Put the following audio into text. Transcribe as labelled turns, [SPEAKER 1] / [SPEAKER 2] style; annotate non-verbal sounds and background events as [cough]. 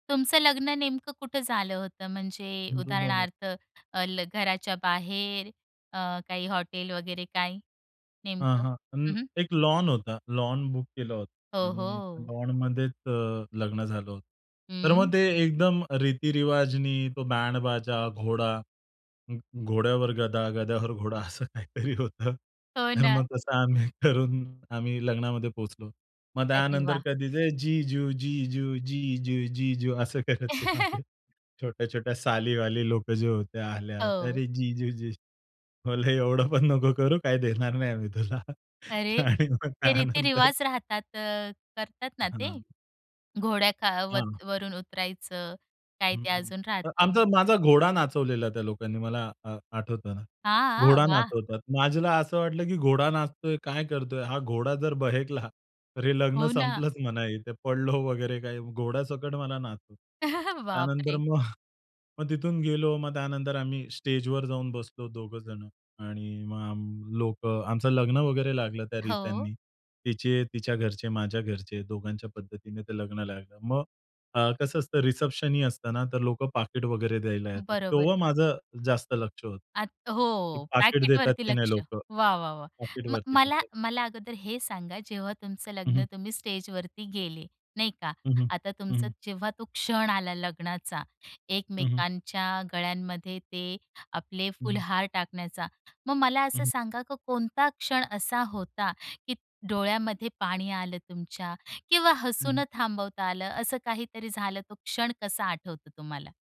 [SPEAKER 1] तुमचं लग्न नेमकं कुठं झालं होतं? म्हणजे
[SPEAKER 2] हीरो बनत.
[SPEAKER 1] उदाहरणार्थ अ, ल घराच्या बाहेर, अ, काही हॉटेल वगैरे, काय
[SPEAKER 2] हां,
[SPEAKER 1] नेमकं?
[SPEAKER 2] हां. अं,
[SPEAKER 1] हं, हं.
[SPEAKER 2] एक लॉन होता. लॉन बुक केला होता
[SPEAKER 1] हो,
[SPEAKER 2] आणि
[SPEAKER 1] हो.
[SPEAKER 2] लॉनमध्येच अ, लग्न झालं होतं. तर मग
[SPEAKER 1] हं.
[SPEAKER 2] ते एकदम रीतिरिवाजनी. तो बँड-बाजा, घोडा, घोड्यावर गदा, गद्यावर घोडा असं काहीतरी होतं.
[SPEAKER 1] हो
[SPEAKER 2] तर मग
[SPEAKER 1] ना.
[SPEAKER 2] तसं आम्ही करून आम्ही लग्नामध्ये पोहोचलो. मग
[SPEAKER 1] अरे
[SPEAKER 2] त्यानंतर
[SPEAKER 1] वाह!
[SPEAKER 2] कधीच जीजू, जीजू, जीजू, जीजू असं करत ते माझे
[SPEAKER 1] [laughs]
[SPEAKER 2] छोट्या-छोट्या सालीवाली लोकं जे होत्या, आल्या. तर
[SPEAKER 1] हो.
[SPEAKER 2] जीजू जी बोललो, एवढं पण नको करू, काही देणार नाही आम्ही तुला
[SPEAKER 1] अरे!
[SPEAKER 2] आणि मग
[SPEAKER 1] ते
[SPEAKER 2] त्यानंतर.
[SPEAKER 1] रीतीरिवाज राहतात, अ, करतात ना ते.
[SPEAKER 2] हां.
[SPEAKER 1] घोड्या खा वर
[SPEAKER 2] हां.
[SPEAKER 1] वरून उतरायचं. काय ते
[SPEAKER 2] हं.
[SPEAKER 1] अजून राहतं.
[SPEAKER 2] आमचा माझा घोडा नाचवलेला त्या लोकांनी. मला अ, आठवतं ना.
[SPEAKER 1] हां,
[SPEAKER 2] घोडा
[SPEAKER 1] वाह!
[SPEAKER 2] नाचवतात. माझ्याला असं वाटलं, की घोडा नाचतोय, काय करतोय. हा घोडा जर बहेकला तर हे लग्न
[SPEAKER 1] हो ना.
[SPEAKER 2] संपलंच म्हणा. इथे पडलो वगैरे, काही घोड्यासकट मला नाचतो.
[SPEAKER 1] [chuckles]
[SPEAKER 2] त्यानंतर
[SPEAKER 1] बापरे!
[SPEAKER 2] मग, मग तिथून गेलो. मग त्यानंतर आम्ही स्टेजवर जाऊन बसलो दोघंजणं आणि मग आम लोकं, आमचं लग्न वगैरे लागलं त्या
[SPEAKER 1] हो.
[SPEAKER 2] रीत्यांनी. तिचे, तिच्या घरचे, माझ्या घरचे, दोघांच्या पद्धतीने ते लग्न लागलं. मग अ, कसं असतं, रिसेप्शनही असतं ना. तर लोकं पाकीट वगैरे द्यायला येतात.
[SPEAKER 1] बरोबर.
[SPEAKER 2] तेव्हा माझं जास्त लक्ष होतं,
[SPEAKER 1] आत
[SPEAKER 2] की
[SPEAKER 1] हो,
[SPEAKER 2] पाकीट देतात
[SPEAKER 1] पॅकेटवरती
[SPEAKER 2] की नाही
[SPEAKER 1] लक्ष.
[SPEAKER 2] लोकं.
[SPEAKER 1] वाह, वाह, वाह. म
[SPEAKER 2] पॉकेटवरती
[SPEAKER 1] मला
[SPEAKER 2] [unintelligible]
[SPEAKER 1] मला अगोदर हे सांगा, जेव्हा तुमचं
[SPEAKER 2] हं, हं.
[SPEAKER 1] लग्न, तुम्ही स्टेजवरती गेले नाही का.
[SPEAKER 2] हं, हं.
[SPEAKER 1] आता
[SPEAKER 2] हं,
[SPEAKER 1] तुमचं
[SPEAKER 2] हं.
[SPEAKER 1] जेव्हा तो क्षण आला, लग्नाचा,
[SPEAKER 2] हं, हं.
[SPEAKER 1] एकमेकांच्या गळ्यांमध्ये ते आपले
[SPEAKER 2] हं, हं.
[SPEAKER 1] फुलहार टाकण्याचा. मग मला
[SPEAKER 2] हं,
[SPEAKER 1] असं
[SPEAKER 2] हं.
[SPEAKER 1] सांगा, की कोणता क्षण असा होता, की डोळ्यामध्ये पाणी आलं तुमच्या किंवा
[SPEAKER 2] हं,
[SPEAKER 1] हसू
[SPEAKER 2] हं.
[SPEAKER 1] न थांबवता आलं. असं काहीतरी झालं. तो क्षण कसा आठवतो तुम्हाला?